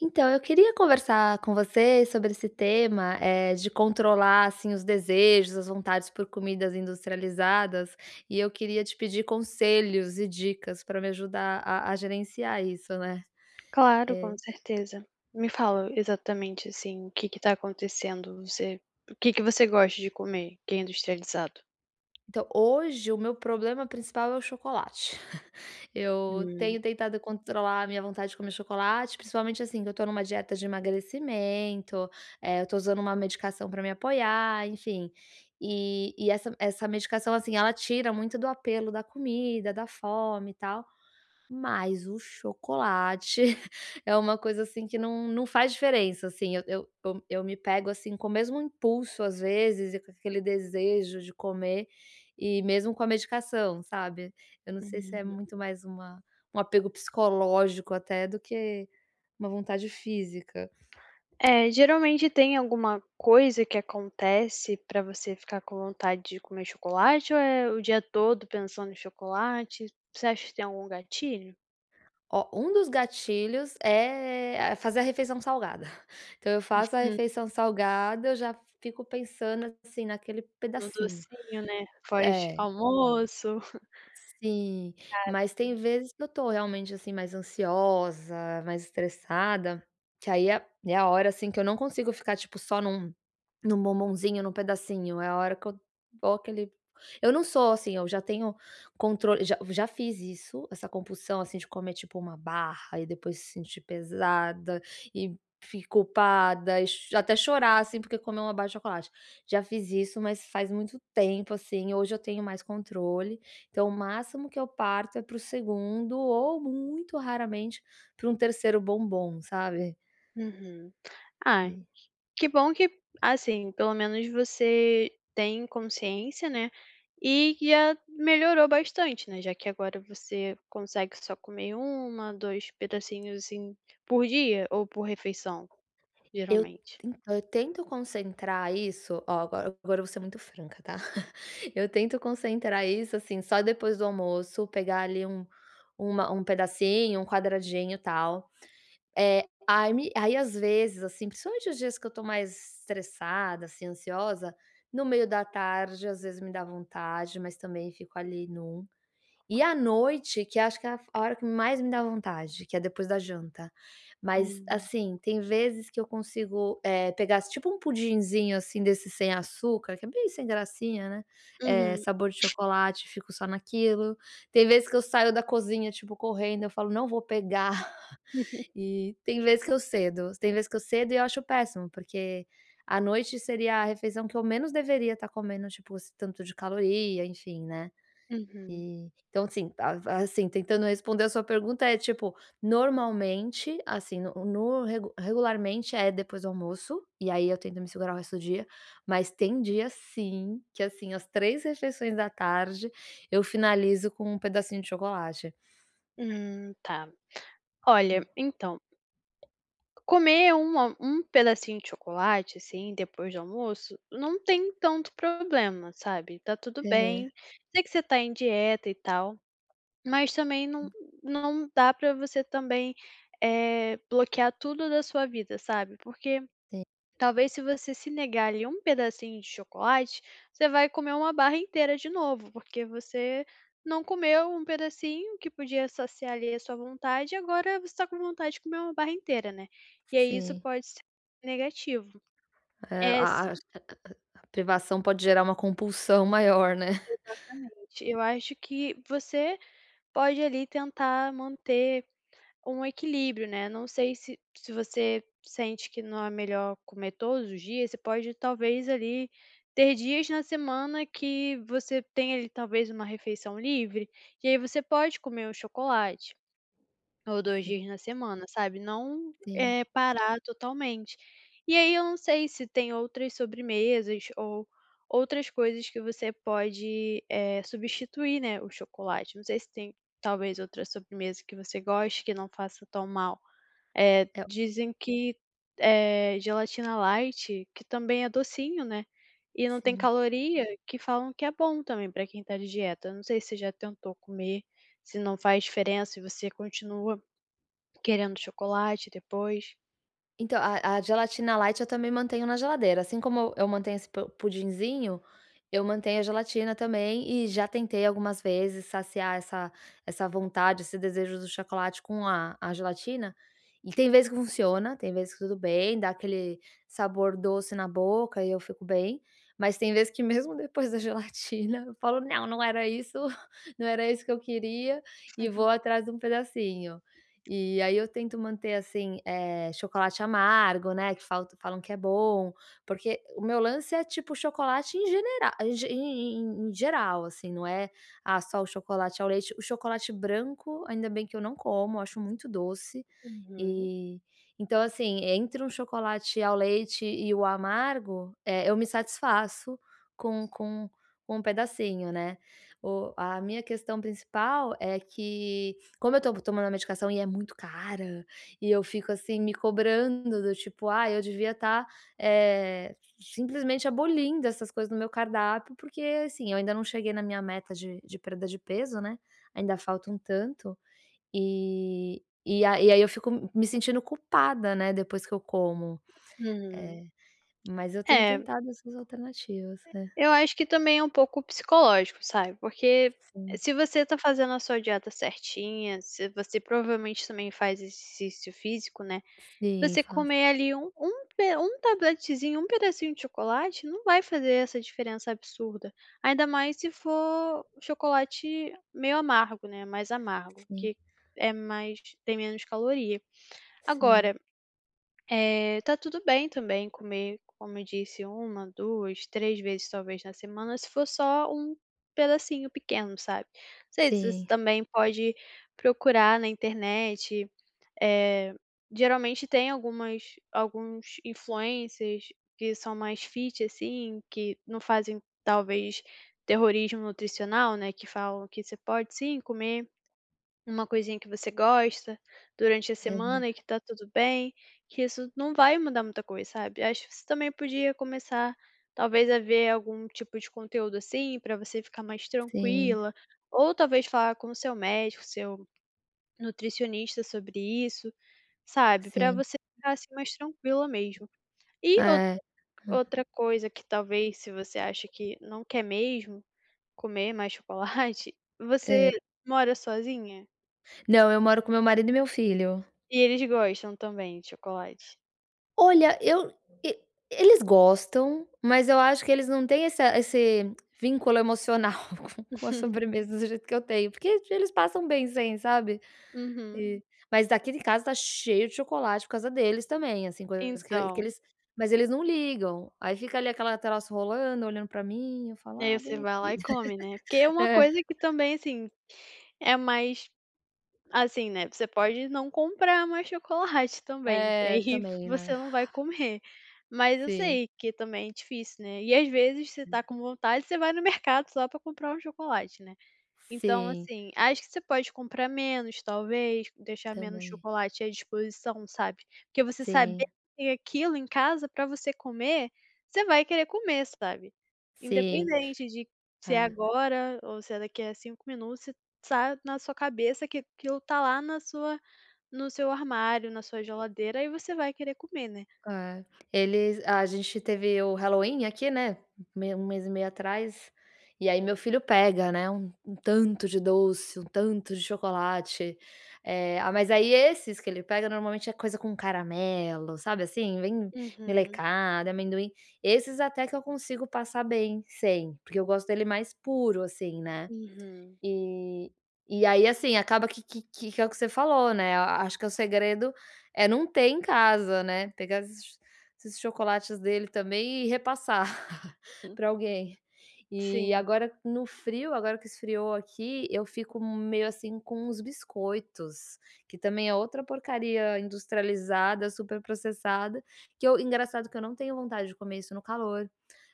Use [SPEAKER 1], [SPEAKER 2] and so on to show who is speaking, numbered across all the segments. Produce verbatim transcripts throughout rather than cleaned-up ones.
[SPEAKER 1] Então, eu queria conversar com você sobre esse tema, eh, de controlar, assim, os desejos, as vontades por comidas industrializadas, e eu queria te pedir conselhos e dicas para me ajudar a a gerenciar isso, né.
[SPEAKER 2] Claro,
[SPEAKER 1] É
[SPEAKER 2] com certeza. Me fala exatamente assim, o que que está acontecendo, você o que que você gosta de comer que é industrializado?
[SPEAKER 1] Então, hoje o meu problema principal é o chocolate, eu tenho
[SPEAKER 2] Hum.
[SPEAKER 1] tentado controlar a minha vontade de comer chocolate, principalmente assim, que eu estou em uma dieta de emagrecimento, eh, eu estou usando uma medicação para me apoiar, enfim, e e essa essa medicação, assim, ela tira muito do apelo da comida, da fome e tal, mas o chocolate é uma coisa assim, que não não faz diferença assim, eu eu eu eu me pego, assim, com o mesmo impulso às vezes, e com aquele desejo de comer, e mesmo com a medicação, sabe. Eu não sei se é muito
[SPEAKER 2] [unintelligible]
[SPEAKER 1] mais uma um apego psicológico, até, do que uma vontade física.
[SPEAKER 2] É, geralmente tem alguma coisa que acontece para você ficar com vontade de comer chocolate ou é o dia todo pensando em chocolate? Você acha que tem algum gatilho?
[SPEAKER 1] Ó, um dos gatilhos, é, a fazer a refeição salgada, então eu faço a
[SPEAKER 2] [unintelligible]
[SPEAKER 1] refeição salgada, eu já fico pensando assim, naquele
[SPEAKER 2] Um
[SPEAKER 1] pedacinho.
[SPEAKER 2] docinho, né, pós
[SPEAKER 1] É.
[SPEAKER 2] almoço.
[SPEAKER 1] Sim,
[SPEAKER 2] Caramba!
[SPEAKER 1] mas tem vezes que eu tô realmente, assim, mais ansiosa, mais estressada, que aí é é a hora, assim, que eu não consigo ficar, tipo, só num num bombonzinho, num pedacinho, é a hora que eu vou aquele eu não sou assim, eu já tenho controle já já fiz isso, essa compulsão, assim, de comer tipo uma barra e depois se sentir pesada, e, fi culpada e cho até chorar, assim, porque comeu uma barra de chocolate. Já fiz isso, mas faz muito tempo, assim, hoje eu tenho mais controle, então, o máximo que eu parto é para o segundo ou muito raramente pra um terceiro bombom, sabe?
[SPEAKER 2] Uhum. Ah!
[SPEAKER 1] Que
[SPEAKER 2] que bom que assim, pelo menos você tem consciência, né, e que já melhorou bastante, né, já que agora você consegue só comer uma, dois pedacinhos, assim, por dia ou por refeição,
[SPEAKER 1] Eu
[SPEAKER 2] geralmente?
[SPEAKER 1] então, eu tento concentrar isso ó, agora agora eu vou ser muito franca tá. Eu tento concentrar isso, assim, só depois do almoço pegar ali, um uma um pedacinho, um quadradinho, tal. Eh, ai me aí, às vezes, assim, principalmente os dias que eu tô mais estressada, assim, ansiosa, no meio da tarde, às vezes, me dá vontade, mas também fico ali em um, e à noite que acho que a fo é a hora que mais me dá vontade que é depois da janta, mas,
[SPEAKER 2] Hum.
[SPEAKER 1] assim, tem vezes que eu consigo, eh, pegar tipo, um pudizinho, assim, desse sem açúcar, que é bem sem gracinha né, eh,
[SPEAKER 2] Uhum.
[SPEAKER 1] sabor de chocolate e fico só naquilo, tem vez que eu saio da cozinha, tipo, correndo eu falo: "Não vou pegar", e tem vez que eu cedo, tem vez que eu cedo e eu acho péssimo, porque à noite seria a refeição que eu menos deveria estar comendo, tipo, esse tanto de caloria enfim, né.
[SPEAKER 2] Uhum.
[SPEAKER 1] Eh, então, assim, a a assim, tentando responder a sua pergunta é, tipo, normalmente, assim, no no regu regularmente, é depois do almoço, e aí, eu tento me segurar o resto do dia, mas tem dia sim que, assim, às três refeições da tarde eu finalizo com um pedacinho de chocolate.
[SPEAKER 2] Hum, tá. Olha,
[SPEAKER 1] É.
[SPEAKER 2] entao, comer uma um pedacinho de chocolate, assim, depois do almoço, não em tanto problema, sabe. Tá tudo
[SPEAKER 1] Aham.
[SPEAKER 2] bem, sei que você tá em dieta, e tal, mas também não
[SPEAKER 1] Sim.
[SPEAKER 2] não dá pra você também, eh, bloquear tudo da sua vida, sabe, porque,
[SPEAKER 1] Sim.
[SPEAKER 2] talvez se você se negar, ali, um pedacinho de chocolate, você vai comer uma barra inteira de novo, porque você não comeu um pedacinho que podia saciar ali a sua vontade e agora você tá com vontade de comer uma barra inteira, né. E aí, isso
[SPEAKER 1] Sim.
[SPEAKER 2] pode ser negativo.
[SPEAKER 1] É,
[SPEAKER 2] É
[SPEAKER 1] a a
[SPEAKER 2] se
[SPEAKER 1] ach a a privação pode gerar uma compulsão maior, né?
[SPEAKER 2] Exatamente, eu acho que você pode ali, tentar manter um equilíbrio, né, não sei se se você sente que não é melhor comer todos os dias, você pode talvez, ali, ter dias na semana que você tenha, ali, talvez uma refeição livre, e aí, você pode comer um chocolate, ou dois
[SPEAKER 1] Sim.
[SPEAKER 2] dias na semana sabe, não,
[SPEAKER 1] Sim.
[SPEAKER 2] eh, parar totalmente. E aí, eu não sei se tem outras sobremesas ou outras coisas que você pode, eh, substituir, né, o chocolate, não sei se tem, talvez outra sobremesa que você goste, que não faça tão mal. Eh,
[SPEAKER 1] É o
[SPEAKER 2] dizem que, eh, gelatina light que também é docinho, né, e não tem
[SPEAKER 1] Sim.
[SPEAKER 2] caloria que falam que é bom também pra quem tá de dieta, eu não sei se você já tentou comer, se não faz diferença e você continua querendo chocolate depois.
[SPEAKER 1] Então, a a gelatina light eu também mantenho na geladeira, assim como eu mantenho esse po pudinzinho, eu mantenho a gelatina também e já tentei algumas vezes saciar essa essa vontade, esse desejo do chocolate com a a gelatina e tem vez que funciona, tem vez que tudo bem, dá aquele sabor doce na boca e eu fico bem, mas tem vezes que mesmo depois da gelatina eu falo: "Não, não era isso, não era isso que eu queria", e vou atrás de um pedacinho. E aí eu tento manter, assim, eh, chocolate amargo, né, que falta falam que é bom, porque o meu lance é, tipo, chocolate em genera em em em em geral, assim, não é, "Ah, só o chocolate ao leite". O chocolate branco, ainda bem que eu não como, eu acho muito doce,
[SPEAKER 2] Uhum.
[SPEAKER 1] e, então assim, entre um chocolate ao leite e o amargo, eh, eu me satisfaço com com com um pedacinho, né. O a minha questão principal é que como eu tô tomando a medicação e é muito cara, e eu fico, assim, me cobrando do tipo: "Ah, eu devia estar, eh, simplesmente abolindo essas coisas do meu cardápio", porque, assim, eu ainda não cheguei na minha meta de de perda de peso, né, ainda falta um tanto, e e a e aí eu fico m me sentindo culpada, né, depois que eu como.
[SPEAKER 2] Hum.
[SPEAKER 1] Eh, mas eu tenho
[SPEAKER 2] É.
[SPEAKER 1] tentado essas alternativas. É.
[SPEAKER 2] Eu acho que também é um pouco psicológico, sabe, porque
[SPEAKER 1] Sim.
[SPEAKER 2] se você tá fazendo a sua dieta certinha, se você provavelmente também faz exercício físico, né,
[SPEAKER 1] Sim,
[SPEAKER 2] você
[SPEAKER 1] faço.
[SPEAKER 2] comer, ali, um um pe um tabletezinho, um pedacinho de chocolate, não vai fazer essa diferença absurda, ainda mais se for chocolate meio amargo, né, mais amargo,
[SPEAKER 1] Sim.
[SPEAKER 2] que é mais tem menos caloria.
[SPEAKER 1] Sim.
[SPEAKER 2] Agora, eh, tá tudo bem também comer, como eu disse, uma, duas, três vezes, talvez, na semana se for só um pedacinho pequeno, sabe. Não sei se você
[SPEAKER 1] Sim.
[SPEAKER 2] também pode procurar na internet, eh, geralmente tem algumas alguns influencers que são mais fit, assim, que não fazem talvez terrorismo nutricional, né, que falam que você pode, sim, comer uma coisinha que você gosta durante a
[SPEAKER 1] Verda
[SPEAKER 2] semana e que tá tudo bem, que isso não vai mudar muita coisa, sabe, acho que você também podia começar talvez a ver algum tipo de conteúdo assim, para você ficar mais
[SPEAKER 1] Sim.
[SPEAKER 2] tranquila, ou talvez falar com o seu médico, seu nutricionista sobre isso, sabe, para
[SPEAKER 1] Sim.
[SPEAKER 2] você ficar, assim, mais tranquila mesmo. E outra
[SPEAKER 1] É. Hã.
[SPEAKER 2] outra coisa que, talvez, se você acha que não quer mesmo comer mais chocolate
[SPEAKER 1] É.
[SPEAKER 2] Você mora sozinha?
[SPEAKER 1] Não, eu moro com meu marido e meu filho.
[SPEAKER 2] E eles gostam também de chocolate?
[SPEAKER 1] Olha eu e eles gostam, mas eu acho que eles não têm essa esse vínculo emocional com com a
[SPEAKER 2] Uhum.
[SPEAKER 1] sobremesa do jeito que eu tenho, porque eles passam bem sem, sabe?
[SPEAKER 2] Uhum.
[SPEAKER 1] E Mas aqui de casa está cheio de chocolate por causa deles também, assim, coisas que que
[SPEAKER 2] Então.
[SPEAKER 1] eles mas eles não ligam, aí fica ali aquela troço rolando, olhando para mim, eu falo:
[SPEAKER 2] Aí
[SPEAKER 1] "Ah,
[SPEAKER 2] você
[SPEAKER 1] vem
[SPEAKER 2] vai lá
[SPEAKER 1] aqui".
[SPEAKER 2] e come, né. Porque é uma
[SPEAKER 1] É.
[SPEAKER 2] coisa que também, assim, é mais, assim, né, você pode não comprar mais chocolate também, e
[SPEAKER 1] É,
[SPEAKER 2] aí
[SPEAKER 1] também,
[SPEAKER 2] você
[SPEAKER 1] né.
[SPEAKER 2] não vai comer. Mas eu
[SPEAKER 1] Sim.
[SPEAKER 2] sei que também é difícil, né, e às vezes você está
[SPEAKER 1] É.
[SPEAKER 2] com vontade, você vai no mercado só para comprar um chocolate, né. Então,
[SPEAKER 1] Sim.
[SPEAKER 2] assim, acho que você pode comprar menos, talvez, deixar menos
[SPEAKER 1] Também.
[SPEAKER 2] chocolate à disposição, sabe? Porque você saber que
[SPEAKER 1] Sim.
[SPEAKER 2] tem aquilo em casa para você comer, você vai querer comer, sabe?
[SPEAKER 1] Sim.
[SPEAKER 2] Independente de se é
[SPEAKER 1] É.
[SPEAKER 2] agora ou se é daqui a cinco minutos, se tá na sua cabeça que aquilo está lá na sua no seu armário, na sua geladeira aí você vai querer comer, né.
[SPEAKER 1] É, eles a gente teve o Halloween aqui, né, hum, meio um mês e meio atrás, e aí meu filho pega, né, um um tanto de doce, um tanto de chocolate, eh, ah, mas aí esses que ele pega normalmente é coisa com caramelo, sabe, assim, bem
[SPEAKER 2] Uhum.
[SPEAKER 1] melecada, amendoim, esses até que eu consigo passar bem sem, porque eu gosto dele mais puro, assim, né.
[SPEAKER 2] Uhum.
[SPEAKER 1] E e aí, assim, acaba que que que que é o que você falou, né, a acho que o segredo é não ter em casa, né, pegar esses esses chocolates dele também e repassar
[SPEAKER 2] Hum.
[SPEAKER 1] para alguém. E
[SPEAKER 2] Sim.
[SPEAKER 1] agora no frio, agora que esfriou aqui, eu fico meio assim com os biscoitos, que também é outra porcaria industrializada, superprocessada, que eu engraçado que eu não tenho vontade de comer isso no calor,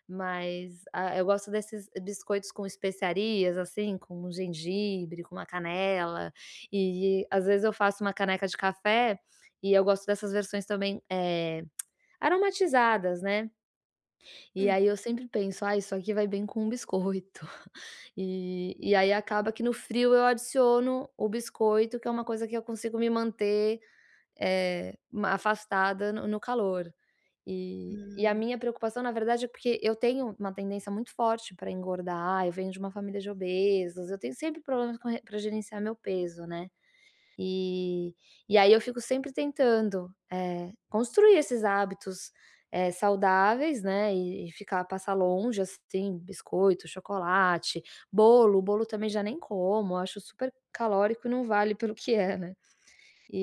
[SPEAKER 1] mas, ah, eu gosto desses biscoitos com especiarias, assim, com o gengibre, com uma canela, e às vezes eu faço uma caneca de café, e eu gosto dessas versões também, eh, aromatizadas, né, e
[SPEAKER 2] Uhum.
[SPEAKER 1] aí eu sempre penso: "Ah, isso aqui vai bem com um biscoito". E e aí acaba que no frio eu adiciono o biscoito, que é uma coisa que eu consigo me manter, eh, ma afastada no no calor. E e a
[SPEAKER 2] Hum.
[SPEAKER 1] minha preocupação, na verdade, é porque eu tenho uma tendência muito forte para engordar, eu venho de uma família de obesos, eu tenho sempre problemas com re para gerenciar meu peso, né, e e aí eu fico sempre tentando, eh, construir esses hábitos, eh, saudáveis, né, e e ficar passar longe, assim, biscoito, chocolate, bolo, o bolo também já nem como, eu acho super calórico e não vale pelo que é, né.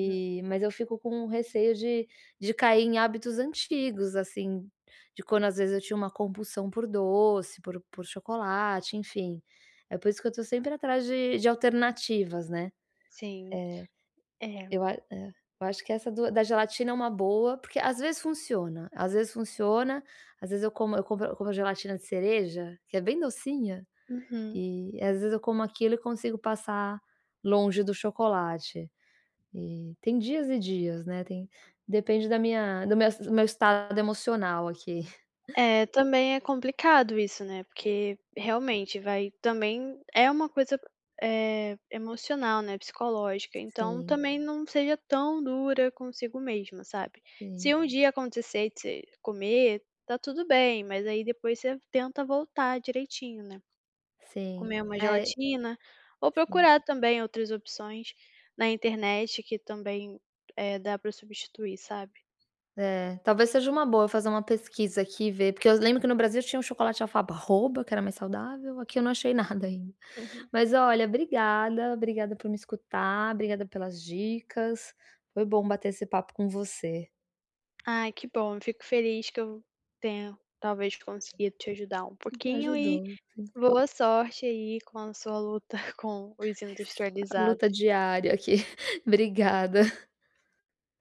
[SPEAKER 2] Hum.
[SPEAKER 1] mas eu fico com receio de de cair em hábitos antigos, assim, de quando às vezes eu tinha uma compulsão por doce, por por chocolate. Enfim, é por isso que eu estou sempre atrás de de alternativas, né,
[SPEAKER 2] Sim,
[SPEAKER 1] eh, eu
[SPEAKER 2] é.
[SPEAKER 1] a eh, eu acho que essa do da gelatina é uma boa, porque às vezes funciona, às vezes funciona, às vezes eu como eu compro eu compro gelatina de cereja, que é bem docinha,
[SPEAKER 2] Uhum.
[SPEAKER 1] e às vezes eu como aquilo e consigo passar longe do chocolate. E tem dias e dias, né, tem depende da minha do meu es do meu estado emocional aqui.
[SPEAKER 2] É, também é complicado isso, né, porque, realmente, vai Também é uma coisa, eh, emocional, né, psicológica,
[SPEAKER 1] S
[SPEAKER 2] então
[SPEAKER 1] sim.
[SPEAKER 2] também não seja tão dura consigo mesma, sabe?
[SPEAKER 1] Sim.
[SPEAKER 2] Se um dia acontecer de você comer, está tudo bem, mas aí depois você tenta voltar direitinho, né.
[SPEAKER 1] Sim.
[SPEAKER 2] Comer uma
[SPEAKER 1] É,
[SPEAKER 2] gelatina, ou
[SPEAKER 1] sim.
[SPEAKER 2] procurar também outras opções na internet que também, eh, dá para substituir, sabe?
[SPEAKER 1] É, talvez seja uma boa eu fazer uma pesquisa aqui e ver, porque eu lembro que no Brasil tinha um chocolate de alfabarroba que era mais saudável, aqui eu não achei nada ainda.
[SPEAKER 2] Uhum.
[SPEAKER 1] Mas, olha, obrigada, obrigada por me escutar, obrigada pelas dicas, foi bom bater esse papo com você.
[SPEAKER 2] Ai que bom, fico feliz que eu tenha, talvez, conseguido te ajudar um
[SPEAKER 1] Hum,
[SPEAKER 2] pouquinho e
[SPEAKER 1] ajudou sim.
[SPEAKER 2] boa sorte aí com a sua luta com os
[SPEAKER 1] Luta
[SPEAKER 2] industrializados.
[SPEAKER 1] diária aqui, obrigada.